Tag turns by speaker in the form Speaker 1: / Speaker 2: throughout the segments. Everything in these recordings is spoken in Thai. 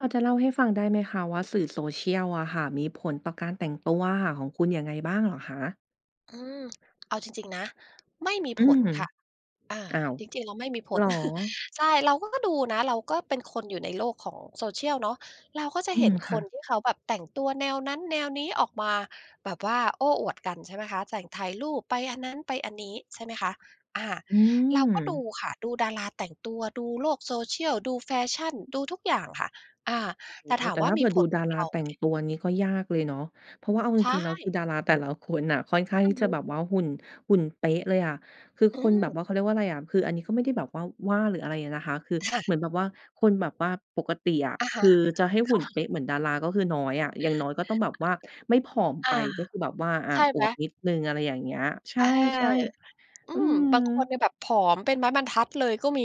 Speaker 1: พอจะเล่าให้ฟังได้ไหมคะ ว่าสื่อ Social อะค่ะมีผลต่อการแต่งตัวอะค่ะของคุณยังไงบ้างเหรอคะ?
Speaker 2: อืม เอาจริง ๆ นะ ไม่มี
Speaker 1: อื
Speaker 2: ผล
Speaker 1: ม
Speaker 2: ค่ะ อา
Speaker 1: อ้าว
Speaker 2: จริง ๆ แล้วไม่มีผ
Speaker 1: เหร
Speaker 2: ล
Speaker 1: อ?
Speaker 2: ใช่ เราก็ ก็ดูนะ เราก็เป็นคนอยู่ในโลกของ Social เนาะ เราก็จะ
Speaker 1: อื
Speaker 2: เห็
Speaker 1: ม
Speaker 2: น
Speaker 1: ค
Speaker 2: ค
Speaker 1: ่
Speaker 2: น
Speaker 1: ะ
Speaker 2: ที่เขาแบบแต่งตัวแนวนั้นแนวนี้ออกมา แบบว่าโอ้อวดกัน ใช่ไหมคะ ใส่ถ่ายรูป ไปอันนั้น ไปอันนี้ใช่ไหมคะ อา
Speaker 1: อื
Speaker 2: เราก็ดู
Speaker 1: ม
Speaker 2: ค่ะ ดูดาราแต่งตัว ดูโลก Social ดู แฟชัน ดูทุกอย่างค่ะ อา
Speaker 1: โ
Speaker 2: แ
Speaker 1: อ
Speaker 2: ต
Speaker 1: ้
Speaker 2: ่
Speaker 1: โฮ!
Speaker 2: ถาม
Speaker 1: แต่
Speaker 2: ว่
Speaker 1: ถ
Speaker 2: า
Speaker 1: ้าเ
Speaker 2: ม
Speaker 1: ผ
Speaker 2: ี
Speaker 1: ื่อ
Speaker 2: ผ
Speaker 1: ดู
Speaker 2: ล
Speaker 1: ด
Speaker 2: ก
Speaker 1: า
Speaker 2: ับ
Speaker 1: ร
Speaker 2: เ
Speaker 1: า
Speaker 2: รา
Speaker 1: แต
Speaker 2: ไหม
Speaker 1: ่งตัวอันนี้ก็ยากเลยเนาะ เพราะว่าเอาจ
Speaker 2: ใช
Speaker 1: ริง ๆ แล้วค
Speaker 2: ่
Speaker 1: ือดาราแต่ละคนน่ะค่อนข้าง
Speaker 2: อื
Speaker 1: ที
Speaker 2: อ
Speaker 1: ่
Speaker 2: ฮ
Speaker 1: จะ
Speaker 2: ึ
Speaker 1: แบบว่าหุ่น หุ่นเป๊ะเลยอะ คือ
Speaker 2: อื
Speaker 1: คนแบบ
Speaker 2: ม
Speaker 1: ว่า เขาเรียกว่าไรอะ คืออันนี้ก็ไม่ได้แบบว่าว่า หรืออะไรอะนะคะ คือ
Speaker 2: ค่ะ
Speaker 1: เหมือนแบบว่าคนแบบว่าปกติอะ
Speaker 2: อะฮ
Speaker 1: ค
Speaker 2: ะ
Speaker 1: ือจะให้
Speaker 2: ค
Speaker 1: หุ่
Speaker 2: ่
Speaker 1: นเป๊
Speaker 2: ะ
Speaker 1: ะเหมือนดาราก็คือน้อยอะ อย่างน้อยก็ต้องแบบว่าไม่ผอม
Speaker 2: อ
Speaker 1: ไป
Speaker 2: า
Speaker 1: ก็คือแบบว่า อา
Speaker 2: ใช่
Speaker 1: อ
Speaker 2: ไหม?
Speaker 1: วบนิดหนึ่ง อะไรอย่างเงี้ย ใช
Speaker 2: เออ
Speaker 1: ่
Speaker 2: อื
Speaker 1: ๆ อื
Speaker 2: ม บางคน
Speaker 1: ม
Speaker 2: เนี่ยแบบผอมเป็นไม้บรรทัดเลยก็มี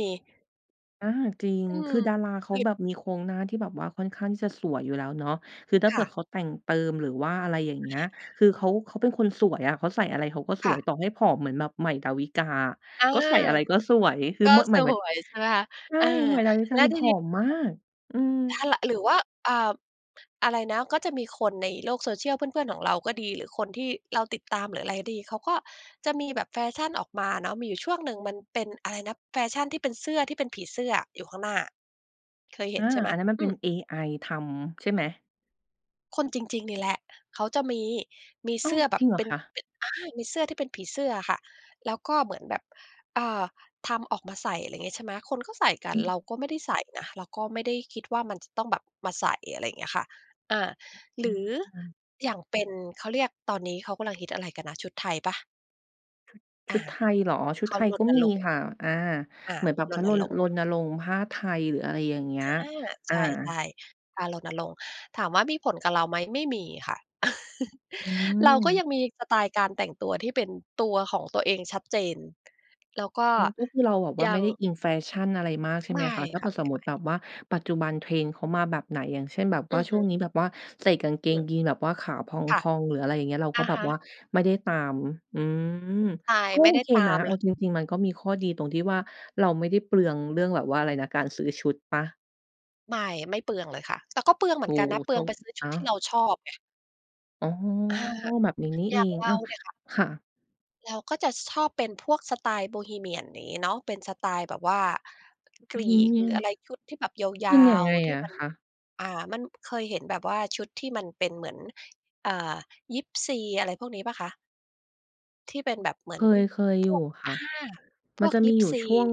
Speaker 1: อา จริง
Speaker 2: อื
Speaker 1: ค
Speaker 2: ม
Speaker 1: ือดาราเข
Speaker 2: เค
Speaker 1: า
Speaker 2: ย
Speaker 1: แบบมีโครงหน้าที่แบบว่าค่อนข้างที่จะสวยอยู่แล้วเนาะ คือถ้า
Speaker 2: ค
Speaker 1: เผื
Speaker 2: ่
Speaker 1: ่อ
Speaker 2: ะ
Speaker 1: เขาแต่งเติม หรือว่าอะไรอย่าง
Speaker 2: อ
Speaker 1: เง
Speaker 2: ะ
Speaker 1: ี้
Speaker 2: ฮ
Speaker 1: ย
Speaker 2: ะ
Speaker 1: คือเขา เขาเป็นคนสวยอะ เขาใส่อะไรเขาก็ส
Speaker 2: ค
Speaker 1: ว
Speaker 2: ่
Speaker 1: ย
Speaker 2: ะ
Speaker 1: ต่อให้ผอมเหมือนแบบ ใหม่ ดาวิกา อะ
Speaker 2: อา
Speaker 1: ก็ใส่อะไรก็สวย คือ
Speaker 2: ก็
Speaker 1: มะ ห
Speaker 2: ส
Speaker 1: มาย หมาย
Speaker 2: วยใช่ไหมคะ
Speaker 1: ใช่
Speaker 2: เออ
Speaker 1: ใหม่ ดาวิก
Speaker 2: แ
Speaker 1: า
Speaker 2: ล้ว
Speaker 1: คือ
Speaker 2: ที
Speaker 1: ผ
Speaker 2: นี
Speaker 1: อ
Speaker 2: ้แบ
Speaker 1: ม
Speaker 2: บ
Speaker 1: มาก อืม
Speaker 2: ถ้า ร หรือว่า อ่า อะไรนะ ก็จะมีคนในโลก Social เพื่อน ๆ ของเราก็ดี หรือคนที่เราติดตาม หรืออะไรดี เขาก็จะมีแบบแฟชันออกมาอะเนาะ มีอยู่ช่วงหนึ่งมันเป็น อะไรนะ แฟชันที่เป็นเสื้อที่เป็นผีเสื้ออยู่ข้างหน้า เคยเห
Speaker 1: อ
Speaker 2: ็
Speaker 1: า
Speaker 2: นใช่ไหม?
Speaker 1: อันนั้นมัน
Speaker 2: อ
Speaker 1: เ
Speaker 2: ื
Speaker 1: ป็น
Speaker 2: ม
Speaker 1: เอไอทำใช่ไหม?
Speaker 2: คนจริง ๆ นี่แหละ เขาจะมี มี
Speaker 1: อ้
Speaker 2: เ
Speaker 1: า
Speaker 2: ส
Speaker 1: ว
Speaker 2: ื้อแบ
Speaker 1: จร
Speaker 2: บ
Speaker 1: ิงเหร
Speaker 2: เป
Speaker 1: อ
Speaker 2: ็น
Speaker 1: คะ?
Speaker 2: เป็น อ่า มีเสื้อที่เป็นผีเสื้ออะค่ะ แล้วก็เหมือนแบบ อ่า ทำออกมาใส่ อะไรเงี้ย ใช่ไหม คนก็ใส่กั
Speaker 1: อ
Speaker 2: น
Speaker 1: ืม
Speaker 2: เราก็ไม่ได้ใส่นะ เราก็ไม่ได้คิดว่ามันจะต้องแบบมาใส่ อะไรอย่างเงี้ยค่ะ อา
Speaker 1: อ
Speaker 2: ห
Speaker 1: ื
Speaker 2: รือ
Speaker 1: ม
Speaker 2: อย่างเป็น เขาเรียก ตอนนี้เขากำลังฮิตอะไรกันนะ ชุดไทยเปล่า?
Speaker 1: ช
Speaker 2: อ
Speaker 1: ุ
Speaker 2: า
Speaker 1: ดไทยเหรอ? ชุ
Speaker 2: เ
Speaker 1: ด
Speaker 2: ข
Speaker 1: ไท
Speaker 2: า
Speaker 1: ย
Speaker 2: ร
Speaker 1: ก็
Speaker 2: ณ
Speaker 1: มี
Speaker 2: รงค์
Speaker 1: ค่ะ อา
Speaker 2: อา
Speaker 1: เหมือนแบบเ
Speaker 2: ร
Speaker 1: พราะ
Speaker 2: ณ
Speaker 1: รณ
Speaker 2: รงค
Speaker 1: ร
Speaker 2: ์
Speaker 1: ณรงค์ผ้า ไทย หรืออะไรอย่างเงี
Speaker 2: อ
Speaker 1: ้ย
Speaker 2: า
Speaker 1: อ
Speaker 2: ใ
Speaker 1: า
Speaker 2: ช่ ๆ การรณรงค์ ถามว่ามีผลกับเราไหม? ไม่มีค่ะ
Speaker 1: อื
Speaker 2: เราก็
Speaker 1: ม
Speaker 2: ยังมีสไตล์การแต่งตัวที่เป็นตัวของตัวเองชัดเจน แล้วก็
Speaker 1: อืม ก็คือเราแบบว่า
Speaker 2: ย
Speaker 1: ไ
Speaker 2: ั
Speaker 1: ม่
Speaker 2: ง
Speaker 1: ได้อิงแฟชั่นอะไรมาก ใช่
Speaker 2: ไ
Speaker 1: ไ
Speaker 2: ม
Speaker 1: หม
Speaker 2: ่
Speaker 1: คะ ถ้าเ
Speaker 2: ค
Speaker 1: ผ
Speaker 2: ่
Speaker 1: ื
Speaker 2: ะ
Speaker 1: ่อสมมุ
Speaker 2: ไ
Speaker 1: ต
Speaker 2: ม
Speaker 1: ิ
Speaker 2: ่
Speaker 1: แบบว่า ปัจจุบันเทรนด์เขามาแบบไหน? อย่างเช่น แบบว
Speaker 2: อื
Speaker 1: ่า
Speaker 2: อ
Speaker 1: ช
Speaker 2: ฮ
Speaker 1: ่ว
Speaker 2: ึ
Speaker 1: งนี้แบบว่า ใส่กางเก
Speaker 2: อื
Speaker 1: ง
Speaker 2: ม
Speaker 1: ยีนส์แบบว่าขาพ
Speaker 2: ค่ะ
Speaker 1: อง ๆ หรืออะไรอย่างเงี้ย เรา
Speaker 2: อ
Speaker 1: ก็
Speaker 2: ะ
Speaker 1: แบ
Speaker 2: ฮ
Speaker 1: บ
Speaker 2: ะ
Speaker 1: ว่าไม่ได้ตาม อืม
Speaker 2: ใช่
Speaker 1: ก็
Speaker 2: ไม่
Speaker 1: โอ
Speaker 2: ได้
Speaker 1: เค
Speaker 2: ตา
Speaker 1: นะ
Speaker 2: ม
Speaker 1: เอ
Speaker 2: เล
Speaker 1: า
Speaker 2: ย
Speaker 1: จริง ๆ มันก็มีข้อดีตรงที่ว่า เราไม่ได้เปลืองเรื่องแบบว่า อะไรนะ การซื้อชุดเปล่า?
Speaker 2: ไม่ ไม่เปลืองเลยค่ะ แต่ก็เปลืองเห
Speaker 1: โ
Speaker 2: มื
Speaker 1: อ
Speaker 2: อ
Speaker 1: ้
Speaker 2: นกัน
Speaker 1: โ
Speaker 2: น
Speaker 1: ฮ
Speaker 2: ะ เป
Speaker 1: โ
Speaker 2: ลื
Speaker 1: ช
Speaker 2: อง
Speaker 1: ค
Speaker 2: ไป
Speaker 1: ด
Speaker 2: ซ
Speaker 1: ี
Speaker 2: ื้อช
Speaker 1: น
Speaker 2: ุดที่
Speaker 1: ะ
Speaker 2: เราชอบไง
Speaker 1: อ๋อ
Speaker 2: อา
Speaker 1: แบบนี้นี่
Speaker 2: อย
Speaker 1: เอ
Speaker 2: ่าง
Speaker 1: ง
Speaker 2: เร
Speaker 1: อ
Speaker 2: า
Speaker 1: ้าว
Speaker 2: เนี่ยค่ะ
Speaker 1: ค่ะ
Speaker 2: เราก็จะชอบเป็นพวกสไตล์โบฮีเมียนอย่างงี้เนาะ เป็นสไตล์แบบว่าก
Speaker 1: โบ
Speaker 2: รี
Speaker 1: ฮีเม
Speaker 2: ก
Speaker 1: ี
Speaker 2: หร
Speaker 1: ย
Speaker 2: ื
Speaker 1: น
Speaker 2: ออะไรชุดที่แบบย
Speaker 1: เป
Speaker 2: า
Speaker 1: ็นอย่าง
Speaker 2: ว
Speaker 1: ไง
Speaker 2: ๆ ที่
Speaker 1: อะ
Speaker 2: มัน
Speaker 1: คะ?
Speaker 2: อา มัน เคยเห็นแบบว่าชุดที่มันเป็นเหมือน อา ยิปซี อะไรพวกนี้เปล่าคะ? ที่เป็นแบบเหม
Speaker 1: เ
Speaker 2: ื
Speaker 1: ค
Speaker 2: อน
Speaker 1: ย เคย
Speaker 2: พ
Speaker 1: อยู
Speaker 2: ว
Speaker 1: ่
Speaker 2: ก
Speaker 1: ค
Speaker 2: อ
Speaker 1: ่ะ
Speaker 2: า พ
Speaker 1: มัน
Speaker 2: วก
Speaker 1: จะ
Speaker 2: ย
Speaker 1: ม
Speaker 2: ิ
Speaker 1: ี
Speaker 2: ป
Speaker 1: อยู่
Speaker 2: ซี
Speaker 1: ช่วง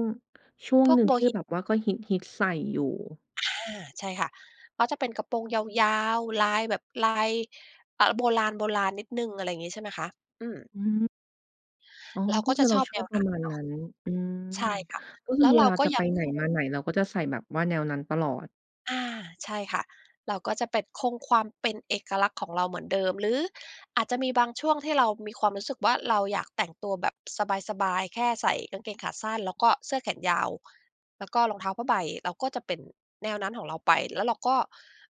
Speaker 1: ช่วง
Speaker 2: พว
Speaker 1: ห
Speaker 2: ก
Speaker 1: นึ่
Speaker 2: โ
Speaker 1: ง
Speaker 2: บ
Speaker 1: ที่
Speaker 2: ฮิ
Speaker 1: แบบว่า ก็ฮิต ๆ ใส่อยู่
Speaker 2: อา ใช่ค่ะ ก็จะเป็นกระโปรงยาว ๆ ลายแบบลาย เออ โบราณ ๆ นิดหนึ่ง อะไรอย่างงี้ใช่ไหมคะ? อืม
Speaker 1: อือ อ๋อ
Speaker 2: เรา
Speaker 1: ก็
Speaker 2: ก็
Speaker 1: ค
Speaker 2: จ
Speaker 1: ื
Speaker 2: ะ
Speaker 1: อเร
Speaker 2: ช
Speaker 1: า
Speaker 2: อบ
Speaker 1: ช
Speaker 2: แน
Speaker 1: อบ
Speaker 2: ว
Speaker 1: ป
Speaker 2: น
Speaker 1: ร
Speaker 2: ั
Speaker 1: ะ
Speaker 2: ้น
Speaker 1: มาณ
Speaker 2: เนา
Speaker 1: น
Speaker 2: ะ
Speaker 1: ั้น อือ
Speaker 2: ใช่ค่ะ
Speaker 1: ก็ค
Speaker 2: แล
Speaker 1: ื
Speaker 2: ้
Speaker 1: อ
Speaker 2: ว
Speaker 1: เ
Speaker 2: เ
Speaker 1: ว
Speaker 2: รา
Speaker 1: ลา
Speaker 2: ก็
Speaker 1: จะ
Speaker 2: ย
Speaker 1: ไ
Speaker 2: ั
Speaker 1: ป
Speaker 2: ง
Speaker 1: ไ
Speaker 2: ค
Speaker 1: หนมา
Speaker 2: ง
Speaker 1: ไหน เราก็จะใส่แบบว่าแนวนั้นตลอด
Speaker 2: อา ใช่ค่ะ เราก็จะเป็น คงความเป็นเอกลักษณ์ของเราเหมือนเดิม หรือ อาจจะมีบางช่วงที่เรามีความรู้สึกว่า เราอยากแต่งตัวแบบสบาย ๆ แค่ใส่กางเกงขาสั้น แล้วก็เสื้อแขนยาว แล้วก็ รองเท้าผ้าใบ เราก็จะเป็นแนวนั้นของเราไป แล้วเราก็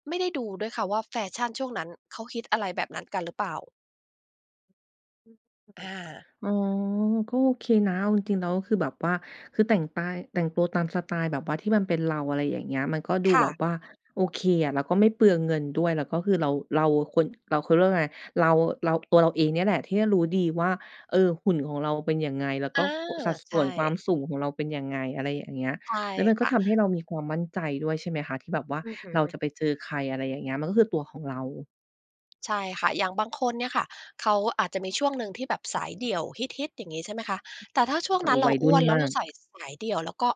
Speaker 2: ไม่ได้ดูด้วยค่ะว่า แฟชั่นช่วงนั้นเขาฮิต อะไรแบบนั้น กันหรือเปล่า? อา
Speaker 1: อือ อ๋อ ก็โอเคนะ เอาจริง ๆ แล้วคือแบบว่า คือแต่งตาย แต่งตัวตามสไตล์แบบว่าที่มันเป็นเรา อะไรอย่างเงี้ย มันก็ดู
Speaker 2: ค่
Speaker 1: แบบ
Speaker 2: ะ
Speaker 1: ว่า โอเคอะ แล้วก็ไม่เปลืองเงินด้วย แล้วก็คือเรา เราควร เรา เขาเรียกว่าไง เรา เรา ตัวเราเองเนี่ยแหละที่รู้ดีว่า เออ หุ่นของเราเป็นยังไง แล้วก
Speaker 2: อ
Speaker 1: ็
Speaker 2: า
Speaker 1: ก สัดส
Speaker 2: ใช
Speaker 1: ่วนความ
Speaker 2: ่
Speaker 1: สูงของเราเป็นยังไง อะไรอย่างเงี้ย
Speaker 2: ใช่
Speaker 1: แล้วมัน
Speaker 2: ค
Speaker 1: ก็
Speaker 2: ่ะ
Speaker 1: ทำให้เรามีความมั่นใจด้วยใช่ไหมคะ ที่แบบว่า
Speaker 2: อือฮ
Speaker 1: เราจ
Speaker 2: ึ
Speaker 1: ะไปเจอใคร อะไรอย่างเงี้ย มันก็คือตัวของเรา
Speaker 2: ใช่ค่ะ อย่างบางคนเนี่ยค่ะ เขาอาจจะมีช่วงหนึ่งที่แบบสายเดี่ยวฮิต ๆ อย่างงี้ใช่ไหมคะ แต่ถ้าช่วง
Speaker 1: อ
Speaker 2: นั้นเร
Speaker 1: ว
Speaker 2: า
Speaker 1: ัย
Speaker 2: อ
Speaker 1: รุ
Speaker 2: ้
Speaker 1: ่
Speaker 2: ว
Speaker 1: น
Speaker 2: นแล้
Speaker 1: ม
Speaker 2: วเ
Speaker 1: า
Speaker 2: รา
Speaker 1: ก
Speaker 2: ใส่สายเดี่ยว แล้วก็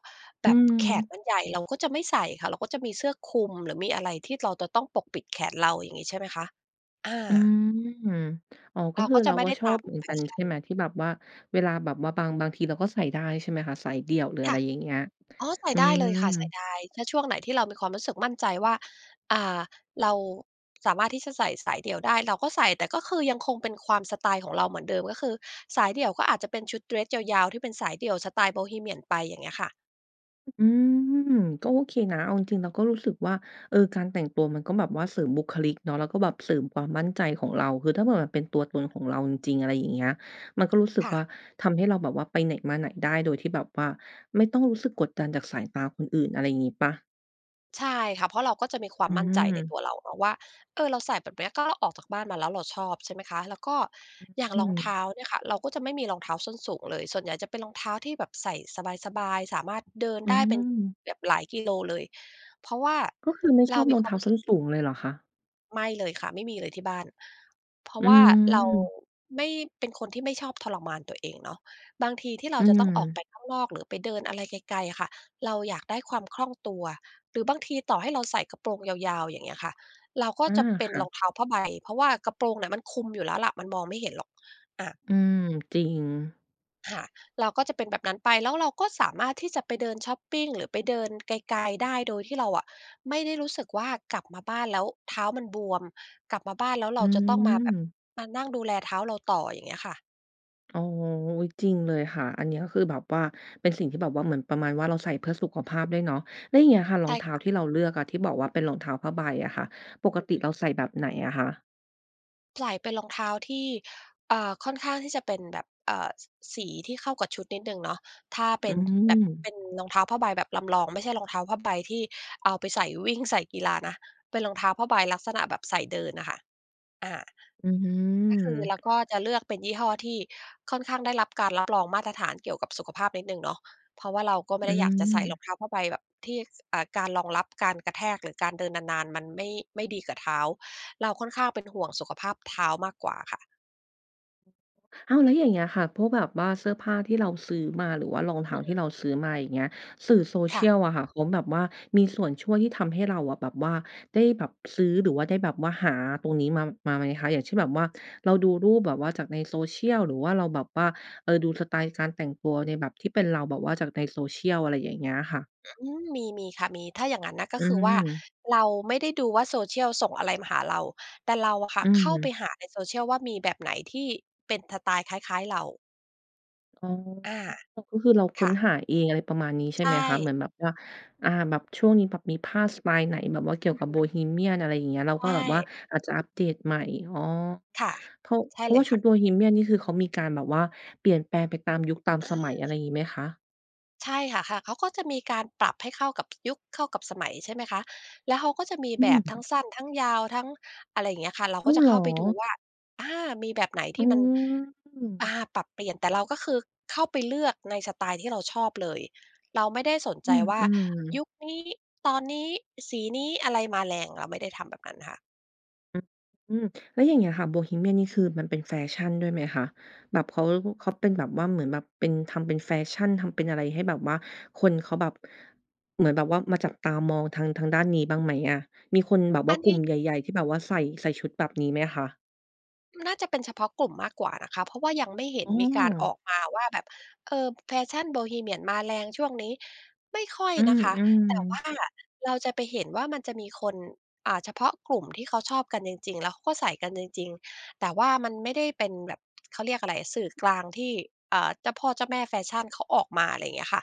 Speaker 1: อ
Speaker 2: แบ
Speaker 1: ื
Speaker 2: บแขน
Speaker 1: ม
Speaker 2: มันใหญ่ เราก็จะไม่ใส่ค่ะ เราก็จะมีเสื้อคลุม หรือมีอะไรที่เราจะต้องปกปิดแขนเรา อย่างงี้ใช่ไหมคะ? อ
Speaker 1: อื
Speaker 2: า
Speaker 1: ม อ๋อ ก
Speaker 2: เร
Speaker 1: ็
Speaker 2: า
Speaker 1: คือ
Speaker 2: ก็
Speaker 1: เ
Speaker 2: จ
Speaker 1: ร
Speaker 2: ะ
Speaker 1: า
Speaker 2: ไม่
Speaker 1: ก็
Speaker 2: ได้
Speaker 1: ช
Speaker 2: ต
Speaker 1: อ
Speaker 2: า
Speaker 1: บ
Speaker 2: ม
Speaker 1: เหมือน
Speaker 2: แฟ
Speaker 1: กัน
Speaker 2: ช
Speaker 1: ใช
Speaker 2: ั่
Speaker 1: ่ไ
Speaker 2: น
Speaker 1: หม ที่แบบว่าเวลาแบบว่าบาง บางทีเราก็ใส่ได้ใช่ไหมคะ? สายเดี่ยว หรืออ
Speaker 2: ค
Speaker 1: ะไ
Speaker 2: ่ะ
Speaker 1: รอย่างเงี้ย
Speaker 2: อ๋อ ใส่
Speaker 1: อื
Speaker 2: ได้เลยค่ะ ใส่
Speaker 1: ม
Speaker 2: ได้ ถ้าช่วงไหนที่เรามีความรู้สึกมั่นใจว่า อ่า เราสามารถที่จะใส่สายเดี่ยวได้ เราก็ใส่ แต่ก็คือยังคงเป็นความสไตล์ของเราเหมือนเดิม ก็คือสายเดี่ยวก็อาจจะเป็นชุดเดรสยาว ๆ ที่เป็นสายเดี่ยวสไตล์โบฮีเมียนไป อย่างเงี้ยค่ะ
Speaker 1: อืม ก็โอเคนะ เอาจริง ๆ เราก็รู้สึกว่า เออ การแต่งตัวมันก็แบบว่าเสริมบุคลิกเนาะ แล้วก็แบบเสริมความมั่นใจของเรา คือถ้าเผื่อมันเป็นตัวตนของเราจริง ๆ อะไรอย่างเงี้ย เราก็รู้สึก
Speaker 2: ค่
Speaker 1: ว่
Speaker 2: ะ
Speaker 1: าทำให้เราแบบว่าไปไหนมาไหนได้โดยที่แบบว่าไม่ต้องรู้สึกกดดันจากสายตาคนอื่น อะไรงี้เปล่า?
Speaker 2: ใช่ค่ะ เพราะเราก็จะมีคว
Speaker 1: อ
Speaker 2: ามมั่นใจในต
Speaker 1: ืม
Speaker 2: ัวเราเนาะ ว่า เออ เราใส่แบบเนี้ย ก็ออกจากบ้านมาแล้วเราชอบใช่ไหมคะ แล้วก็อย่าง
Speaker 1: อื
Speaker 2: รองเท้
Speaker 1: ม
Speaker 2: าเนี่ยค่ะ เราก็จะไม่มีรองเท้าส้นสูงเลย ส่วนใหญ่จะเป็นรองเท้าที่แบบใส่สบาย ๆ สามารถเดิน
Speaker 1: อ๋
Speaker 2: ได้เป็น
Speaker 1: อ
Speaker 2: แบบหลายกิโลเลย เพราะว่า
Speaker 1: ก็คือไม่
Speaker 2: เ
Speaker 1: ช
Speaker 2: รา
Speaker 1: อบ
Speaker 2: ม
Speaker 1: ร
Speaker 2: ี
Speaker 1: อง
Speaker 2: คว
Speaker 1: เ
Speaker 2: า
Speaker 1: ท้
Speaker 2: ม
Speaker 1: า
Speaker 2: รู้
Speaker 1: ส
Speaker 2: ส
Speaker 1: ้
Speaker 2: ึก
Speaker 1: นสูงเลยเหรอคะ?
Speaker 2: ไม่เลยค่ะ ไม่มีเลยที่บ้าน เพรา
Speaker 1: อื
Speaker 2: ะว่าเรา
Speaker 1: ม
Speaker 2: ไม่ เป็นคนที่ไม่ชอบทรมานตัวเองเนาะ บางทีที่เร
Speaker 1: อ
Speaker 2: า
Speaker 1: ื
Speaker 2: จะต้องออกไ
Speaker 1: ม
Speaker 2: ปข้างนอก หรือไปเดินอะไรไกล ๆ อะค่ะ เราอยากได้ความคล่องตัว หรือบางทีต่อให้เรา ใส่กระโปรงยาว ๆ อย่างเงี้ยค่ะ เราก็
Speaker 1: อา
Speaker 2: จะเป็
Speaker 1: ค
Speaker 2: น
Speaker 1: ่
Speaker 2: ร
Speaker 1: ะ
Speaker 2: องเท้าผ้าใบ เพราะว่ากระโปรงเนี่ยมันคุมอยู่แล้วแหละ มันมองไม่เห็นหรอก อา
Speaker 1: อืม จริง
Speaker 2: ค่ะ เราก็จะเป็นแบบนั้นไป แล้วเราก็สามารถที่จะไปเดินชอปปิง หรือไป เดินไกล ๆ ได้ โดยที่เราอะไม่ได้รู้สึกว่ากลับมาบ้านแล้วเท้ามันบวม กลับมาบ้านแล้วเ
Speaker 1: อ
Speaker 2: ร
Speaker 1: ื
Speaker 2: าจะต้องมาแบบ
Speaker 1: ม
Speaker 2: มานั่งดูแลเท้าเราต่อ อย่างเงี้ยค่ะ
Speaker 1: อ๋อ จริงเลยค่ะ อันก็นี้คือแบบว่าเป็นสิ่งที่แบบว่าเหมือนประมาณว่าเราใส่เพื่อสุขภาพด้วยเนาะ แล้วอย่างเงี้ยค่ะร
Speaker 2: ใช
Speaker 1: อง
Speaker 2: ่
Speaker 1: เท้า
Speaker 2: ค่ะ
Speaker 1: ที่เราเลือกอะ ที่บอกว่าเป็นรองเท้าผ้าใบอะค่ะ ป
Speaker 2: อือ
Speaker 1: ก
Speaker 2: ฮ
Speaker 1: ติ
Speaker 2: ึ
Speaker 1: เราใส่แบบไหนอะคะ?
Speaker 2: ใส่เป็นรองเท้าที่ อ่า ค่อนข้างที่จะเป็นแบบ เอ่อ ส สีที่เข้ากับชุดนิดหนึ่งเนาะ ถ้าเ
Speaker 1: อ
Speaker 2: ป
Speaker 1: ื
Speaker 2: ็นแบบเป
Speaker 1: ม
Speaker 2: ็นรองเท้าผ้าใบแบบลำลอง ไม่ใช่รองเท้าผ้าใบที่เอาไปใส่วิ่งใส่กีฬานะ เป็นรองเท้าผ้าใบลักษณะแบบใส่เดินน่ะค่ะ อา
Speaker 1: อื
Speaker 2: ก็คือเรา
Speaker 1: ม
Speaker 2: ก็จะเลือกเป็นยี่ห้อที่ค่อนข้างได้รับการรับรองมาตรฐานเกี่ยวกับสุขภาพนิดหนึ่งเนาะ เพราะว่าเราก็ไม
Speaker 1: อ
Speaker 2: ่ได้อยากจะใส่ร
Speaker 1: ืม
Speaker 2: องเท้าผ้าใบแบบที่ ค อ่า การรองรับการกระแทกหรือการเดินนาน ๆ มันไม่ ไม่ดีกับเท้า เราค่อนข้างเป็นห่วงสุขภาพเท้ามากกว่าค่ะ
Speaker 1: อ้าว! แล้วอย่างเงี้ยค่ะ พวกแบบว่าเสื้อผ้าที่เราซื้อมา หรือว่ารองเท
Speaker 2: อ
Speaker 1: ้
Speaker 2: ื
Speaker 1: า
Speaker 2: อฮ
Speaker 1: ที่
Speaker 2: ึ
Speaker 1: เราซื้อมา อย่างเงี้ย สื่อ
Speaker 2: ค่ะ
Speaker 1: Social อะค่ะ เขาแบบว่ามีส่วนช่วย ที่ทำให้เราแบบว่าได้แบบซื้อ หรือว่าได้แบบว่าหาตรงนี้มา มาไหมคะ? อย่างเช่น แบบว่าเราดูรูปแบบว่าจากใน Social หรือว่าเราแบบว่า เอ่อ ดูสไตล์การแต่งตัวในแบบที่เป็นเราแบบว่าจากใน Social อะไรอย่างเงี้ยค่ะ
Speaker 2: อืม มี มีค่ะ มี ถ้าอย่างงั้นนะ ก
Speaker 1: อ
Speaker 2: ็
Speaker 1: ื
Speaker 2: คือว่า
Speaker 1: ม
Speaker 2: เราไม่ได้ดูว่า Social ส่งอะไรมาหาเรา แต่เราอะค่
Speaker 1: อ
Speaker 2: ะ
Speaker 1: ื
Speaker 2: เข้าไป
Speaker 1: ม
Speaker 2: หาใน Social ว่ามีแบบไหนที่เป็นสไตล์คล้าย ๆ เรา
Speaker 1: อ๋อ
Speaker 2: อา
Speaker 1: ก็คือเราค
Speaker 2: ค
Speaker 1: ้น
Speaker 2: ่ะ
Speaker 1: หาเอง อะไรประมาณนี้ ใช่
Speaker 2: ใช
Speaker 1: ไหมคะ เหม
Speaker 2: ่
Speaker 1: ือนแบบว่า อ่า แบบช่วงนี้แบบมีผ้าสไตล์ ไหนแบบว่าเกี่ย
Speaker 2: อ
Speaker 1: ว
Speaker 2: ือ
Speaker 1: กั
Speaker 2: ฮ
Speaker 1: บโบ
Speaker 2: ึ
Speaker 1: ฮีเมียน อะไรอย่างเงี้ย แล้
Speaker 2: ใ
Speaker 1: ว
Speaker 2: ช
Speaker 1: ก็แบบว่า
Speaker 2: ่
Speaker 1: อาจจะอัปเดตใหม่ อ๋อ
Speaker 2: ค่ะ
Speaker 1: เพราะ
Speaker 2: ใช
Speaker 1: เ
Speaker 2: ่
Speaker 1: พรา
Speaker 2: เ
Speaker 1: ะ
Speaker 2: ล
Speaker 1: ว่า
Speaker 2: ย
Speaker 1: ช
Speaker 2: ค
Speaker 1: ุ
Speaker 2: ่
Speaker 1: ด
Speaker 2: ะ
Speaker 1: โบฮีเมียนนี่คือเขามีการแบบว่าเปลี่ยนแปลงไปตามยุค ตาม
Speaker 2: อ
Speaker 1: สมัย อะไ
Speaker 2: า
Speaker 1: รงี้ไหมคะ?
Speaker 2: ใช่ค่ะ ค่ะ เขาก็จะมีการปรับให้เข้ากับ ยุค เข้ากับสมัยใช่ไหมคะ แล้วเขาก็จะมี
Speaker 1: อื
Speaker 2: แบบทั
Speaker 1: ม
Speaker 2: ้งสั้น ทั้งยาวทั้ง อะไรเงี้ยค่ะ เรา
Speaker 1: อ
Speaker 2: ก
Speaker 1: ้
Speaker 2: ็
Speaker 1: าว
Speaker 2: จะ
Speaker 1: เหร
Speaker 2: เข
Speaker 1: อ?
Speaker 2: ้าไป ดูว่า อา มีแบบไหนท
Speaker 1: อ๋
Speaker 2: ี่มัน อ่า
Speaker 1: อ
Speaker 2: ปรับเปลี่ยน แต่เราก็คือเข้าไป เลือกในสไตล์ที่เราชอบเลย เราไม่ได้สน
Speaker 1: อ
Speaker 2: ใ
Speaker 1: ื
Speaker 2: จ
Speaker 1: ม
Speaker 2: ว่า
Speaker 1: ๆ
Speaker 2: ยุคนี้ ตอนนี้ สีนี้อะไรมาแรง เราไม่ได้ทำแบบนั้นค่ะ
Speaker 1: อืม แล้วอย่างเงี้ยค่ะ โบฮีเมียนนี่คือมันเป็นแฟชั่นด้วยไหมคะ? แบบ เขา เขาเป็นแบบว่าเหมือนแบบเป็น ทำเป็นแฟชั่น ทำเป็นอะไรให้แบบว่าคนเขาแบบ เหมือนแบบว่ามา จับตามองทาง ทางด้านนี้บ้างไหมอะ? มีคนแบบว่
Speaker 2: อ
Speaker 1: า
Speaker 2: ัน
Speaker 1: กล
Speaker 2: น
Speaker 1: ุ่
Speaker 2: ี
Speaker 1: ม
Speaker 2: ้
Speaker 1: ใหญ่ ๆ ที่แบบว่าใส่ ใส่ชุดแบบนี้ไหมคะ?
Speaker 2: น่าจะเป็นเฉพาะกลุ่มมากกว่านะคะ เพราะว่ายังไม่เห็
Speaker 1: อ
Speaker 2: น
Speaker 1: ้
Speaker 2: มีการอ
Speaker 1: อ
Speaker 2: อกมาว่า แบบ เอ่อ แฟชั่นโบฮีเมียนมาแรงช่วงนี้ ไม่ค่อย
Speaker 1: อื
Speaker 2: นะคะ แต่ว่
Speaker 1: ม ๆ
Speaker 2: าเราจะไปเห็นว่ามันจะมีคน อ่า เฉพาะกลุ่ม ที่เขาชอบกันจริง ๆ แล้วเขาก็ใส่กันจริง ๆ แต่ว่ามันไม่ได้เป็นแบบ เขาเรียกอะไรอะ สื่อกลางที่ อ่า เจ้าพ่อเจ้าแม่แฟชั่นเขาออกมา อะไรเงี้ยค่ะ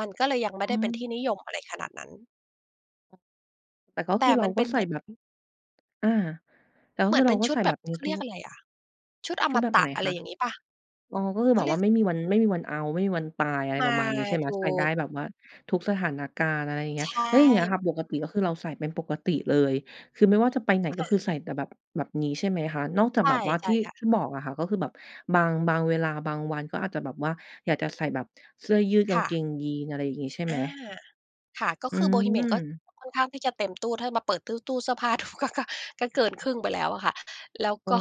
Speaker 2: มันก็เลยยังไม่
Speaker 1: อ๋
Speaker 2: ได้เป็นที่
Speaker 1: อ
Speaker 2: นิยมอะไรขนาดนั้น
Speaker 1: แต่ก็
Speaker 2: แต
Speaker 1: ค
Speaker 2: ่
Speaker 1: ือเร
Speaker 2: ม
Speaker 1: า
Speaker 2: ันเ
Speaker 1: ก
Speaker 2: ป
Speaker 1: ็
Speaker 2: ็น
Speaker 1: ใ
Speaker 2: เ
Speaker 1: ส
Speaker 2: หม
Speaker 1: ่
Speaker 2: ือน
Speaker 1: แบบ อา แล้ว
Speaker 2: เหม
Speaker 1: ค
Speaker 2: ื
Speaker 1: ื
Speaker 2: อน
Speaker 1: อเ
Speaker 2: เป
Speaker 1: ร
Speaker 2: ็
Speaker 1: า
Speaker 2: น
Speaker 1: ก็
Speaker 2: ชุ
Speaker 1: ใ
Speaker 2: ด
Speaker 1: ส่
Speaker 2: แบ
Speaker 1: แบ
Speaker 2: บ
Speaker 1: บนี
Speaker 2: เ
Speaker 1: ้
Speaker 2: ขา
Speaker 1: ท
Speaker 2: เร
Speaker 1: ุ
Speaker 2: ียก
Speaker 1: ก
Speaker 2: อะไรอะ ชุดอ
Speaker 1: ชุ
Speaker 2: ม
Speaker 1: ดแบบ
Speaker 2: ต
Speaker 1: ไ
Speaker 2: ะ
Speaker 1: หน
Speaker 2: อะไ
Speaker 1: ค
Speaker 2: ร
Speaker 1: ะ?
Speaker 2: อย่างงี้เปล่า?
Speaker 1: อ๋อ ก็คือ
Speaker 2: เข
Speaker 1: แบ
Speaker 2: าเ
Speaker 1: บ
Speaker 2: ร
Speaker 1: ว
Speaker 2: ีย
Speaker 1: ่า
Speaker 2: ก
Speaker 1: ไม่มีวัน ไม่มีวันเอาต์ ไม่มีวันตาย อะไ
Speaker 2: ใ
Speaker 1: ร
Speaker 2: ช่
Speaker 1: ประมาณนี้ใช่ไหม?
Speaker 2: ถู
Speaker 1: ใส่ได้
Speaker 2: ก
Speaker 1: แบบว่าทุกสถานการณ์ อะไรอย่างเงี
Speaker 2: ใ
Speaker 1: ้
Speaker 2: ช
Speaker 1: ย แล้วอย่างเงี้ยค่
Speaker 2: ่
Speaker 1: ะ ปกติก็คือเราใส่เป็นปกติเลย คือไม่ว่าจะไปไหนก
Speaker 2: ค
Speaker 1: ็
Speaker 2: ่
Speaker 1: คื
Speaker 2: ะ
Speaker 1: อใส่แต่แบบ แบบนี้ใช่ไหมคะ? นอกจา
Speaker 2: ใ
Speaker 1: ก
Speaker 2: ช
Speaker 1: แบบว่าท
Speaker 2: ่
Speaker 1: ี่
Speaker 2: ๆ ค่ะ
Speaker 1: ๆ บอกอะค่ะ ก็คือแบบ บาง บางเวลา บางวันก็อาจจะแบบว่า อยากจะใส่แบบเสื้อยืด ก
Speaker 2: ค
Speaker 1: าง
Speaker 2: ่
Speaker 1: เก
Speaker 2: ะ
Speaker 1: งยีนส์ อะไรอย่างงี้ใช่
Speaker 2: อ
Speaker 1: ไหม?
Speaker 2: า ค่ะ ก็
Speaker 1: อื
Speaker 2: คือโบฮีเมียนก็
Speaker 1: ม
Speaker 2: ค่อนข้างที่จะเต็มตู้ ถ้ามาเปิดตู้ ตู้เสื้อผ้า ดู ก็ ก็ ก็เกินครึ่งไปแล้วอะค่ะ แล้ว
Speaker 1: อ้
Speaker 2: ก
Speaker 1: อ
Speaker 2: ็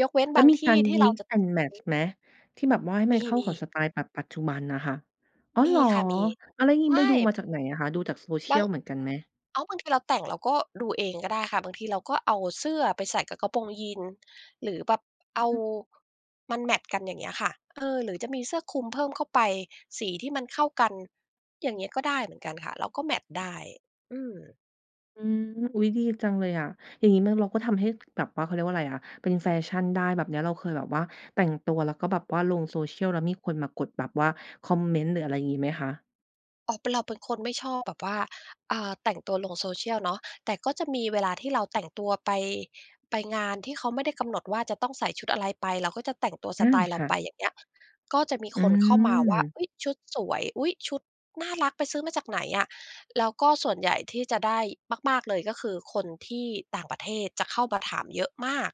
Speaker 2: ยกเว้น
Speaker 1: แล
Speaker 2: บ
Speaker 1: ้ว
Speaker 2: าง
Speaker 1: มี
Speaker 2: ท
Speaker 1: ก
Speaker 2: ี
Speaker 1: า
Speaker 2: ่
Speaker 1: ร
Speaker 2: ที่เรา
Speaker 1: mix
Speaker 2: จะ
Speaker 1: and
Speaker 2: อื
Speaker 1: match
Speaker 2: อฮึ
Speaker 1: ไหม? ที่แบบว่าให้
Speaker 2: ม
Speaker 1: มันเข้าก
Speaker 2: ี
Speaker 1: ั
Speaker 2: ๆ
Speaker 1: บสไตล์แบบปัจจุบันอะค่ะ อ๋อ
Speaker 2: มี
Speaker 1: หรอ
Speaker 2: ค่ะ มี
Speaker 1: อะ แล้วง
Speaker 2: ใ
Speaker 1: ี
Speaker 2: ช
Speaker 1: ้
Speaker 2: ่
Speaker 1: ไปดูมาจากไหนอะคะ? ดูจาก
Speaker 2: บาง
Speaker 1: Social เหมือนกันไหม?
Speaker 2: อ้าว บางทีเราแต่งเราก็ดูเองก็ได้ค่ะ บางทีเราก็เอาเสื้อไปใส่กับกระโปรงยีนส์ หรือแบบ
Speaker 1: อ
Speaker 2: เอา
Speaker 1: ืม
Speaker 2: มันแมตช์กันอย่างเงี้ยค่ะ เออ หรือจะมีเสื้อคลุมเพิ่มเข้าไป สีที่มันเข้ากัน อย่างงี้ก็ได้เหมือนกันค่ะ เราก็แมตช์ได้ อืม
Speaker 1: อืม อุ๊ย ดีจังเลยอะ อย่างงี้มัน เราก็ทำให้แบบว่า เขาเรียกว่าอะไรอะ เป็นแฟชั่นได้แบบเนี้ย เราเคยแบบว่าแต่งตัว แล้วก็แบบว่าลง Social แล้วมีคนมากดแบบว่าคอมเมนต์ หรืออะไรงี้ไหมคะ?
Speaker 2: อ๋อ เป็น เราเป็นคนไม่ชอบแบบว่า อjา แต่งตัวลง Social เนาะ แต่ก็จะมีเวลาที่เราแต่งตัวไป ไปงานที่เขาไม่ได้กำหนดว่า จะต้องใส่ชุดอะไรไป เราก็จะแต่งตัว
Speaker 1: อื
Speaker 2: สไต
Speaker 1: ม
Speaker 2: ล์เร
Speaker 1: ค
Speaker 2: า
Speaker 1: ่
Speaker 2: ไป
Speaker 1: ะ
Speaker 2: อย่างเงี้ย ก็จะมี
Speaker 1: อื
Speaker 2: คนเข้ามาว่า
Speaker 1: ม
Speaker 2: "อุ๊ย ชุดสวย อุ๊ย ชุดน่ารัก ไปซื้อมาจากไหนอะ?" แล้วก็ส่วนใหญ่ที่จะได้มาก ๆ เลย ก็คือคนที่ต่างประเทศจะเข้ามาถามเยอะมาก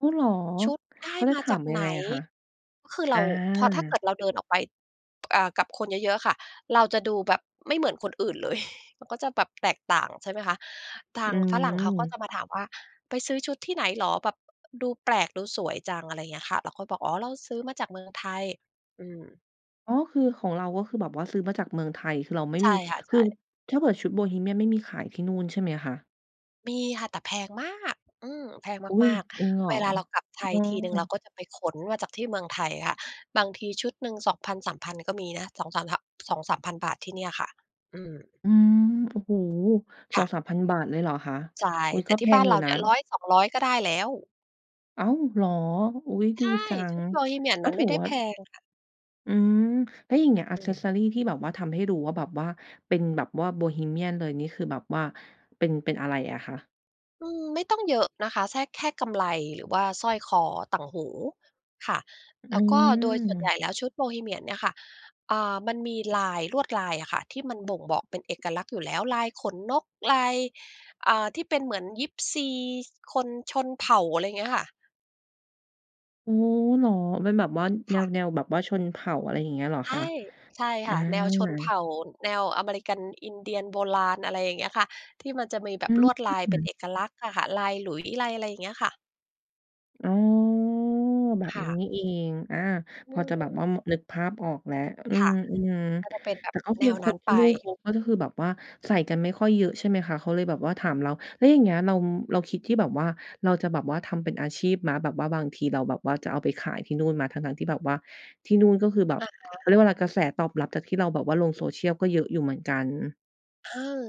Speaker 1: อ้าว เหรอ
Speaker 2: "ชุดได
Speaker 1: เ
Speaker 2: ้
Speaker 1: ขาจะ
Speaker 2: มา
Speaker 1: ถา
Speaker 2: จา
Speaker 1: ม
Speaker 2: ก
Speaker 1: ยั
Speaker 2: ไห
Speaker 1: ง
Speaker 2: น?"
Speaker 1: ไงอะคะ?
Speaker 2: ก็คือ
Speaker 1: อ
Speaker 2: เรา พอถ้าเกิ
Speaker 1: า
Speaker 2: ดเราเดินออกไป อ่า กับคนเยอะ ๆ อะค่ะ เราจะดูแบบไม่เหมือนคนอื่นเลย มันก็จะแบบแตกต่าง ใช่ไหมคะ ท
Speaker 1: อ
Speaker 2: างฝรั่งเขาก็
Speaker 1: ื
Speaker 2: จ
Speaker 1: ม
Speaker 2: ะมาถามว่า "ไปซื้อชุดที่ไหนเหรอ? แบบดูแปลก ดูสวยจัง" อะไรเงี้ยค่ะ เราก็บอก "อ๋อ เราซื้อมาจากเมืองไทย" อืม
Speaker 1: อ๋อ คือของเรา ก็คือแบบว่าซื้อมาจากเมืองไทย คือเราไม่
Speaker 2: ใช
Speaker 1: มี
Speaker 2: ่ค่ะ ใ
Speaker 1: ค
Speaker 2: ช
Speaker 1: ือ
Speaker 2: ่
Speaker 1: ถ้าเผื่อชุดโบฮีเมียนไม่มีขายที่นู่นใช่ไหมคะ?
Speaker 2: มีค่ะ แต่แพงมาก อืม แพง
Speaker 1: อุ๊
Speaker 2: ม
Speaker 1: ย!
Speaker 2: าก
Speaker 1: จริงเหร
Speaker 2: ๆ เ
Speaker 1: อ?
Speaker 2: วลาเรากลับไท
Speaker 1: อื
Speaker 2: ยทีหนึ่งเรา
Speaker 1: ม
Speaker 2: ก็จะไปขนมาจากที่เมืองไทยค่ะ บางทีชุดหนึ่ง 2,000 3,000 ก็มีนะ 2-3 พ 2,000-3,000 บาทที่เนี่ยค่ะ อืม
Speaker 1: อืม โอ้โฮ! ส
Speaker 2: ค
Speaker 1: อ
Speaker 2: ่
Speaker 1: ง
Speaker 2: ะ
Speaker 1: สามพัน บาทเลยเหรอคะ?
Speaker 2: ใช่
Speaker 1: อุ๊ย!
Speaker 2: แต
Speaker 1: ก
Speaker 2: ่
Speaker 1: ็แ
Speaker 2: ที
Speaker 1: พ
Speaker 2: ่บ้
Speaker 1: ง
Speaker 2: าน
Speaker 1: อย
Speaker 2: เ
Speaker 1: ู
Speaker 2: ร
Speaker 1: ่
Speaker 2: าเ
Speaker 1: น
Speaker 2: น
Speaker 1: ะ
Speaker 2: ี่ย 100 200 ก็ได้แล้ว
Speaker 1: อ้าวเหรอ? อุ๊ย!
Speaker 2: ใ
Speaker 1: ด
Speaker 2: ช
Speaker 1: ี
Speaker 2: ่
Speaker 1: จั
Speaker 2: ช
Speaker 1: ง
Speaker 2: ุดโบฮีเมียน
Speaker 1: ก
Speaker 2: ม
Speaker 1: ็
Speaker 2: ัน
Speaker 1: ถ
Speaker 2: ไม
Speaker 1: ื
Speaker 2: ่
Speaker 1: อ
Speaker 2: ได้
Speaker 1: ว่
Speaker 2: แ
Speaker 1: า
Speaker 2: พงค่ะ
Speaker 1: อืม แล้วอย่างเงี้ย
Speaker 2: อืม
Speaker 1: Accessory ที่แบบว่าทำให้ดูว่าแบบว่าเป็นแบบว่าโบฮีเมียนเลย นี่คือแบบว่าเป็น เป็นอะไรอะคะ?
Speaker 2: อืม ไม่ต้องเยอะนะคะ แทรก แค่กำไล หรือว่าสร้อยคอ ต่างหูค่ะ
Speaker 1: อื
Speaker 2: แล้วก็โดยส่วนใหญ
Speaker 1: ม
Speaker 2: ่แล้วชุดโบฮีเมียนเนี่ยค่ะ อ่า มันมีลาย ลวดลายอะค่ะที่มันบ่งบอกเป็นเอกลักษณ์อยู่แล้ว ลายขนนก ลาย อ่า ที่เป็นเหมือนยิปซี คนชนเผ่า อะไรเงี้ยค่ะ
Speaker 1: อ๋อ เหรอ? มันแบบว่าแ
Speaker 2: ค่ะ
Speaker 1: นว ๆ แบบว่าชนเผ่า อะไรอย่างเงี้ยเหรอ
Speaker 2: ใช
Speaker 1: คะ?
Speaker 2: ่ ใช่
Speaker 1: อ
Speaker 2: ค
Speaker 1: า
Speaker 2: ่ะ แนวชนเผ่า แนวอเมริกันอินเดียนโบราณ อะไรอย่างเงี้ยค่ะ ที่มันจะมีแบ
Speaker 1: อ
Speaker 2: บล
Speaker 1: ื
Speaker 2: วดลายเป็น
Speaker 1: ม
Speaker 2: เอกลักษณ์อะค่ะ ลายหลุยส์ ลายอะไร เงี้ยค่ะ
Speaker 1: อ๋อ แบ
Speaker 2: ค
Speaker 1: บน
Speaker 2: ่
Speaker 1: ี้
Speaker 2: ะ
Speaker 1: นี่เอง อา
Speaker 2: อื
Speaker 1: พอจะแบบ
Speaker 2: ม
Speaker 1: ว่า ม นึกภาพออกแล้ว อื
Speaker 2: ค่
Speaker 1: ม
Speaker 2: ะ
Speaker 1: อืม
Speaker 2: ก็จะเป็นแบ
Speaker 1: แต
Speaker 2: บ
Speaker 1: ่ก็
Speaker 2: แ
Speaker 1: ค
Speaker 2: น
Speaker 1: ือ
Speaker 2: ว
Speaker 1: ค
Speaker 2: นั้
Speaker 1: น
Speaker 2: น
Speaker 1: ที
Speaker 2: ไป
Speaker 1: ่นู่นเขาก็จะ คือแบบว่าใส่กันไม่ค่อยเยอะใช่ไหมคะ เขาเลยแบบว่าถามเรา แล้วอย่างเงี้ยเรา เราคิดที่แบบว่า เราจะแบบว่าทำเป็นอาชีพไหม? แบบว่าบางทีเราแบบว่าจะเอาไปขายที่นู่นไหม? ทั้ง ๆ ที่แบบว่าที่นู่นก็คือแบ
Speaker 2: อ
Speaker 1: บ
Speaker 2: าฮ
Speaker 1: เขา
Speaker 2: ะ
Speaker 1: เรียกว่าไร กระแสตอบรับจากที่เราแบบว่าลง Social ก็เยอะอยู่เหมือนกัน
Speaker 2: เออ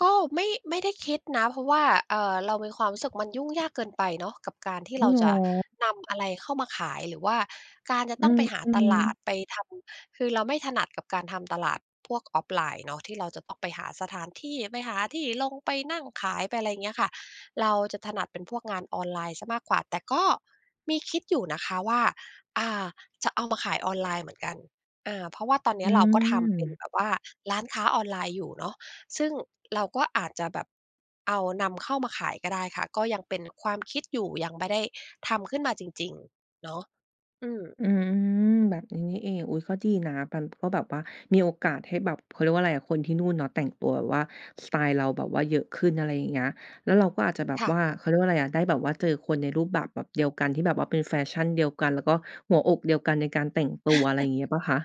Speaker 2: ก็ไม่ ไม่ได้คิดนะ เพราะว่า เอ่อ เรามีความรู้สึกมันยุ่งยากเกินไปเนาะกับการที่
Speaker 1: อ้า
Speaker 2: เร
Speaker 1: ว
Speaker 2: า
Speaker 1: เหร
Speaker 2: จะ
Speaker 1: อ?
Speaker 2: นำอะไรเข้ามาขาย หรือว่าการจะ
Speaker 1: อื
Speaker 2: ต้องไปหาต
Speaker 1: ม
Speaker 2: ลา
Speaker 1: ๆ
Speaker 2: ด ไปทำ คือ เราไม่ถนัดกับการทำตลาดพวก offline เนาะ ที่เราจะต้องไปหาสถานที่ ไปหาที่ ลง ไปนั่งขาย ไปอะไรเงี้ยค่ะ เราจะถนัดเป็นพวกงานออนไลน์เสียมากกว่า แต่ก็มีคิดอยู่นะคะว่า อ่า จะเอามาขายออนไลน์เหมือนกัน อา เพราะว่าตอนเนี
Speaker 1: อ
Speaker 2: ้
Speaker 1: ื
Speaker 2: ยเราก็ทำเป็น
Speaker 1: ม
Speaker 2: แบบว่าร้านค้าออนไลน์อยู่เนาะ ซึ่งเราก็อาจจะแบบเอานำเข้ามาขายก็ได้ค่ะ ก็ยังเป็นความ คิดอยู่ ยังไม่ได้ทำขึ้นมาจริง ๆ เนาะ อืม
Speaker 1: อืม แบบนี้นี่เอง อุ๊ย ก็ดีนะ มัน ก็แบบว่ามีโอกาสให้แบบ เขาเรียกว่าไรอะ คนที่นู่นเนาะ แต่งตัวแบบว่าสไตล์เราแบบว่าเยอะขึ้น อะไรอย่างเงี้ย แล้วเราก็อาจจะแบบ
Speaker 2: ค่
Speaker 1: ว
Speaker 2: ะ
Speaker 1: ่า เขาเรียกว่าไรอะ ได้แบบว่าเจอคนในรูปแบบแบบเดียวกัน ที่แบบว่าเป็นแฟชั่นเดียวกัน แล้วก็หัวอกเดียวกันในการแต่งตัว อะไรงี้หรือเปล่าคะ?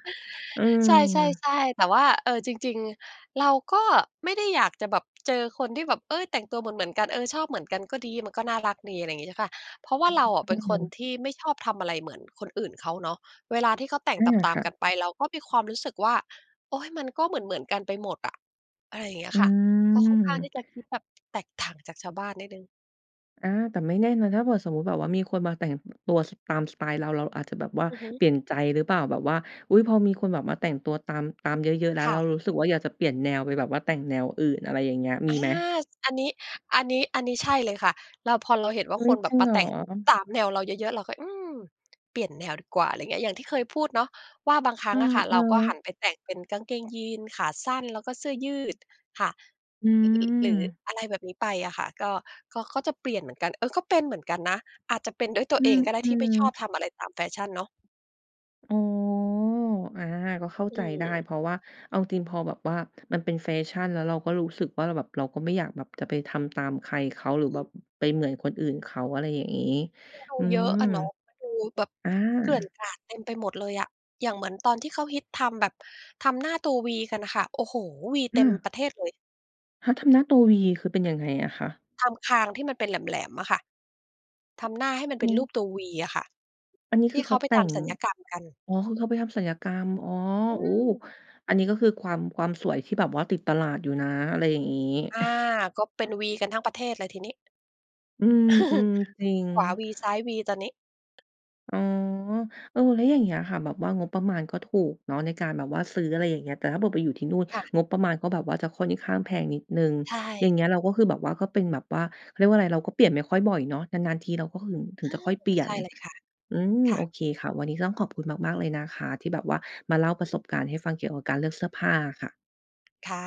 Speaker 1: อื
Speaker 2: ใช
Speaker 1: ม
Speaker 2: ่ ๆ ๆ แต่ว่า เออ จริง ๆ เราก็ไม่ได้อยากจะแบบเจอคนที่แบบ เอ๊ย แต่งตัวเหมือน ๆ กัน เออ ชอบเหมือนกันก็ดี มันก็น่ารักดี อะไรงี้เจ้าค่ะ เพราะว่าเราอะเป
Speaker 1: อ
Speaker 2: ็
Speaker 1: ื
Speaker 2: นคน
Speaker 1: ม
Speaker 2: ที่ไม่ชอบทำอะไรเหมือนคนอื่นเขาเนาะ เวลาที่เขาแต่ง
Speaker 1: อา
Speaker 2: ตา
Speaker 1: ค
Speaker 2: ม
Speaker 1: ่
Speaker 2: ๆ ก
Speaker 1: ะ
Speaker 2: ันไป เราก็มีความรู้สึกว่า "โอ๊ย มันก็เหมือน ๆ กันไปหมดอะ อะไรอย่างเงี้ย
Speaker 1: อื
Speaker 2: ค่ะ" ก็ค่อน
Speaker 1: ม
Speaker 2: ข้างที่จะคิดแบบ แตกต่างจากชาวบ้านนิดหนึ่ง
Speaker 1: อา แต่ไม่แน่นะ ถ้าเผื่อสมมุติแบบว่ามีคนมาแต่ง ต ตัวตามสไตล์เรา เราอาจจะแบบว่า
Speaker 2: อือฮึ
Speaker 1: เปลี่ยนใจหรือเปล่า แบบว่า อุ๊ย! พอมีคนแบบมาแต่งตัวตาม ตามเยอะ ๆ แล้ว
Speaker 2: ค
Speaker 1: เ
Speaker 2: ่
Speaker 1: รา
Speaker 2: ะ
Speaker 1: รู้สึกว่า อยากจะเปลี่ยนแนวไปแบบว่าแต่งแนวอื่น อะไรอย่างเงี้ย ม
Speaker 2: อ
Speaker 1: ี
Speaker 2: า
Speaker 1: ไหม?
Speaker 2: อันนี้ อันนี้ อันนี้ใช่เลยค่ะ แล้วพอเราเห็นว่
Speaker 1: อ
Speaker 2: า
Speaker 1: ุ๊
Speaker 2: ค
Speaker 1: ย
Speaker 2: นแ
Speaker 1: จ
Speaker 2: บ
Speaker 1: ริ
Speaker 2: บ
Speaker 1: ง
Speaker 2: ม
Speaker 1: เ
Speaker 2: า
Speaker 1: หร
Speaker 2: แต
Speaker 1: อ?
Speaker 2: ่งตามแนวเราเยอะ ๆ เราก็ อืม เปลี่ยนแนวดีกว่า อะไรอย่างเงี้ย อย่างที่เคยพูดเนาะ ว่าบางครั้
Speaker 1: อื
Speaker 2: งอ
Speaker 1: อ
Speaker 2: ะค่ะ
Speaker 1: เอ
Speaker 2: เร
Speaker 1: อ
Speaker 2: าก็หันไปแต่งเป็นกางเกงยีนส์ขาสั้น แล้วก็เสื้อยืดค่ะ
Speaker 1: อ
Speaker 2: รือ หรือ
Speaker 1: ืม
Speaker 2: อะไรแบบนี้ไปอะค่ะ ก็ ก็ ก็จะเปลี่ยนเหมือนกัน เออ ก็เป็นเหมือนกันนะ อาจจะเป็นด้วยตั
Speaker 1: อ
Speaker 2: ว
Speaker 1: ื
Speaker 2: เอ
Speaker 1: ม
Speaker 2: งก็ได้
Speaker 1: อื
Speaker 2: ที่ไ
Speaker 1: ม
Speaker 2: ม่ชอบทำอะไรตามแฟชั่นเนาะ
Speaker 1: อ๋อ อา ก็เข้า
Speaker 2: อื
Speaker 1: ใจได้
Speaker 2: ม
Speaker 1: เพราะว่าเอาจริงพอแบบว่ามันเป็นแฟชั่น แล้วเราก็รู้สึกว่า มันแบบเราก็ไม่อยากแบบจะไปทำตามใครเขา หรือ
Speaker 2: อื
Speaker 1: แบบ
Speaker 2: ม
Speaker 1: ไปเหมือนคนอื่นเขา อะไรอย่างงี้
Speaker 2: มันดู
Speaker 1: อื
Speaker 2: เยอะ
Speaker 1: ม
Speaker 2: อะเนาะ มันดูแบบ
Speaker 1: อา
Speaker 2: เกลื่อนกราดเต็มไปหมดเลยอะ อย่างเหมือนตอนที่เขาฮิตทำแบบ ทำหน้าตัววีกันค่ะ โอ้โฮ! วีเ
Speaker 1: อื
Speaker 2: ต็ม
Speaker 1: อ
Speaker 2: ประเทศเลย
Speaker 1: เขาทำหน้าตัววี คือเป็นยังไงอะคะ?
Speaker 2: ทำคางที่มันเป็นแหลม ๆ อะค่ะ ทำหน้าให้มันเ
Speaker 1: อ
Speaker 2: ป
Speaker 1: ื
Speaker 2: ็นรู
Speaker 1: ม
Speaker 2: ปตัววีอะค่ะ
Speaker 1: อันนี้
Speaker 2: ท
Speaker 1: ค
Speaker 2: ี่
Speaker 1: ือ
Speaker 2: เ
Speaker 1: เ
Speaker 2: ข
Speaker 1: ข
Speaker 2: า
Speaker 1: า
Speaker 2: ไป
Speaker 1: แต่
Speaker 2: ท
Speaker 1: ง
Speaker 2: ำศัลยกรรมกัน
Speaker 1: อ๋อ คือเขาไปทำศัลยกรรม อ๋อ
Speaker 2: อื
Speaker 1: โอ้
Speaker 2: ม
Speaker 1: อันนี้ก็คือความ ความสวยที่แบบว่าติดตลาดอยู่นะ อะไรอย่างงี้
Speaker 2: อา ก็เป
Speaker 1: อ
Speaker 2: ็น
Speaker 1: ะ
Speaker 2: วีกันทั้งประเทศเลยทีนี้
Speaker 1: อืม อืม จริง
Speaker 2: ขวาวี ซ้ายวี ตอนนี้
Speaker 1: อ๋อ เออ แล้วอย่างเงี้ยอะค่ะ แบบว่างบประมาณก็ถูกเนาะ ในการแบบว่าซื้อ อะไรอย่างเงี้ย แต่ถ้าแบบไปอยู่ที่นู่น
Speaker 2: ค่ะ
Speaker 1: งบประมาณก็แบบว่าจะค่อนข้างแพงนิดหนึ่ง
Speaker 2: ใช
Speaker 1: อย่
Speaker 2: ่
Speaker 1: างเงี้ย เราก็คือแบบว่าก็เป็นแบบว่า เขาเรียกว่าอะไร เราก็เปลี่ยนไม่ค่อยบ่อยเนาะ นาน ๆ ทีเราก็ ถ ถึ
Speaker 2: อ
Speaker 1: งจ
Speaker 2: า
Speaker 1: ะค่อยเปลี่ย
Speaker 2: ใช
Speaker 1: น
Speaker 2: ่เลยค่ะ
Speaker 1: อืม
Speaker 2: ค่
Speaker 1: โอ
Speaker 2: ะ
Speaker 1: เคค่ะ วันนี้ก็ต้องขอบคุณมาก ๆ เลยนะคะ ที่แบบว่ามาเล่าประสบการณ์ให้ฟัง เกี่ยวกับการเลือกเสื้อผ้าอะค่ะ
Speaker 2: ค่ะ